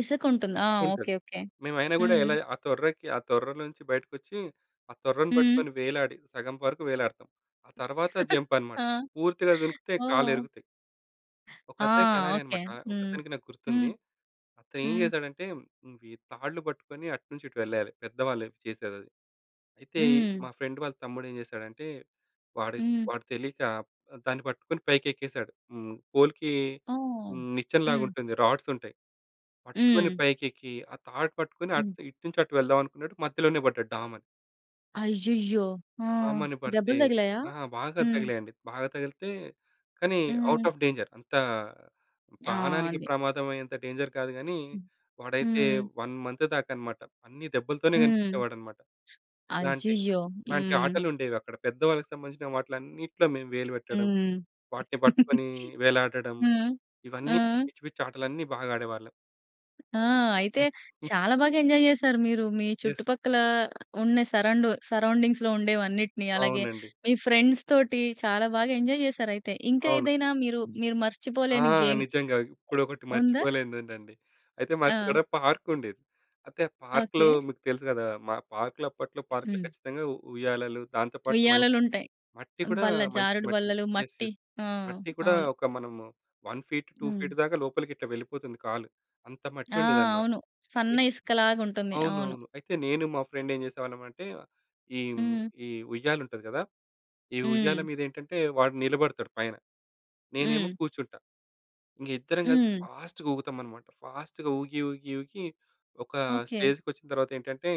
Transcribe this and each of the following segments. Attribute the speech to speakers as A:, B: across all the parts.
A: ఇసుక ఉంటుంది. ఆ! ఓకే.
B: ఇసకుంటది.
A: ఓకే.
B: మేమైనా గూడా
A: హ్మ్.
B: ఎలా ఆ తొర్రకి ఆ తొర్రలో నుంచి బయటకొచ్చి, ఆ తొర్రను
A: హ్మ్.
B: పట్టుకొని వేలాడి సగం వరకు వేలాడతాం. ఆ తర్వాత జంప్ అనమాట.
A: ఆ!
B: పూర్తిగా దుంకితే కాళ్ళు
A: ఓహ్!
B: ఇరుగుతయి.
A: ఆ!
B: ఒకతనికి అలానే
A: ఓకే.
B: అన్నమాట.
A: హ్మ్.
B: ఒకతనికి నాకు
A: హ్మ్.
B: గుర్తుంది. అతను ఏం
A: హ్మ్.
B: జేసాడంటే హ్మ్, వి తాళ్ళు పట్టుకొని అటునుంచి ఇటు వెళ్ళాలి. పెద్దవాళ్ళు చేసేదది. అయితే,
A: హ్మ్.
B: మా ఫ్రెండ్ వాళ్ళ తమ్ముడు ఏం జేసాడంటే, వాడి
A: హ్మ్.
B: వాడు తెలియక ఆహ్, దాన్ని పట్టుకొని పైకి ఎక్కేసాడు. హ్మ్. పోల్‌కి
A: ఓహ్!
B: హ్మ్. నిచ్చెన లాగా
A: హ్మ్.
B: ఉంటుంది. రాడ్స్ ఉంటయి. పట్టుకొని
A: హ్మ్.
B: పైకి ఎక్కి, ఆ తాడు పట్టుకొని అట్
A: హ్మ్.
B: ఇటు నుంచి అటు వెళ్దాం అనుకున్నాడు. మధ్యలోనే పడ్డాడు డామ్ అని.
A: అయ్యయ్యో! ఆ!
B: డామ్ అని పడితే
A: దెబ్బలు తగిలాయా?
B: ఆ! బాగా
A: హ్మ్.
B: తగిలాయండి. బాగా తగిలితే కానీ ఔట్
A: హ్మ్.
B: Off danger. అంత
A: ఆ!
B: ప్రాణానికి
A: అది.
B: ప్రమాదం అయ్యేంత డేంజర్ కాదు గాని,
A: హ్మ్.
B: వాడైతే
A: హ్మ్.
B: 1 మంత్ దాక అన్నమాట అన్నీ దెబ్బలతోనే
A: హ్మ్.
B: కనిపించేవాడన్నమాట. ఇలాంటి,
A: అయ్యయ్యో!
B: ఇలాంటి
A: హ్మ్.
B: ఆటలు ఉండేవి అక్కడ. పెద్దవాళ్ళకి సంబంధించిన వాటిలన్నిట్లో మేము వేలు పెట్టడం,
A: హ్మ్.
B: వాటిని పట్టుకొని వేలాడడం,
A: హ్మ్. ఆ!
B: ఇవన్నీ పిచ్చి, పిచ్చి ఆటలన్నీ బాగా ఆడేవాళ్ళం.
A: ఆ! అయితే
B: హ్మ్. హ్మ్.
A: చాలా బాగా ఎంజాయ్ చేశారు మీరు. మీ
B: యెస్.
A: చుట్టుపక్కల ఉన్న సరౌండు సరౌండింగ్స్‌లో ఉండేవన్నిటిని. అలాగే
B: అవునండి.
A: మీ ఫ్రెండ్స్‌ తోటి చాలా బాగా ఎంజాయ్ చేశారు అయితే. ఇంకా
B: అవును.
A: ఏదైనా మీరు, మీరు
B: ఆ!
A: మర్చిపోలేని గేమ్
B: నిజంగా. ఇప్పుడు ఒకటి
A: ఉందా?
B: మర్చిపోలేనిది ఉందండి. అయితే మాకు ఇక్కడ
A: ఆ!
B: పార్క్ ఉండిద్ధి. అయితే పార్క్‌లో
A: ఓకే.
B: మీకు తెలుసు కదా! మా పార్క్‌లో అప్పట్లో పార్క్‌లో
A: హ్మ్.
B: ఖచ్చితంగా ఉ ఉయ్యాలలు. దాంతో పాటు మంచి
A: ఉయ్యాలలుంటయి.
B: మట్టి కూడా
A: బల్ల,
B: మంచి
A: జారుడు
B: మట్టి
A: బల్లలు,
B: యెస్.
A: మట్టి.
B: యెస్.
A: ఆ!
B: మట్టి కూడా
A: అవును.
B: ఒక మనము 1 ఫీట్, 2
A: హ్మ్.
B: ఫీట్ దాకా లోపలికి ఇట్లా వెళ్ళిపోతుంది కాలు. అంత మట్టి
A: ఆ!
B: ఉండేదనమాట.
A: అవును. సన్న
B: అయ్
A: ఇసుకలాగా ఉంటుంది. అవును.
B: అవునవును. అయితే నేను మా ఫ్రెండ్ ఏం జేసేవాళ్ళం అంటే, ఈ హ్మ్,
A: హ్మ్.
B: ఈ ఉయ్యాల ఉంటది గదా! ఈ ఉయ్యాల
A: హ్మ్.
B: మీద ఏంటంటే వాడు నిలబడతాడు పైన, నేనేమో
A: హ్మ్.
B: కూర్చుంటా. ఇంక ఇద్దరం కలిసి
A: హ్మ్.
B: ఫాస్ట్‌గా ఊగుతామన్నమాట. ఫాస్ట్‌గా ఊగి, ఊగి, ఊగి, ఒక
A: ఓకే.
B: స్టేజ్‌కొచ్చిన తరువాత ఏంటంటే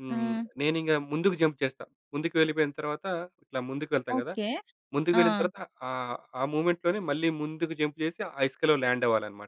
B: హ్మ్,
A: హ్మ్.
B: నేనింకా ముందుకు జంప్ చేస్తా. ముందుకు వెళ్ళిపోయిన తరువాత ఇట్లా ముందుకు వెళ్తాం కదా!
A: ఓకే.
B: ముందుకు
A: ఆ!
B: వెళ్ళిన తరువాత, ఆహ్, ఆ మూవ్‌మెంట్‌ లోనే మళ్ళీ ముందుకు జంప్ చేసి, ఆ ఇసుక‌లో ల్యాండ్ అవ్వాలన్నమాట.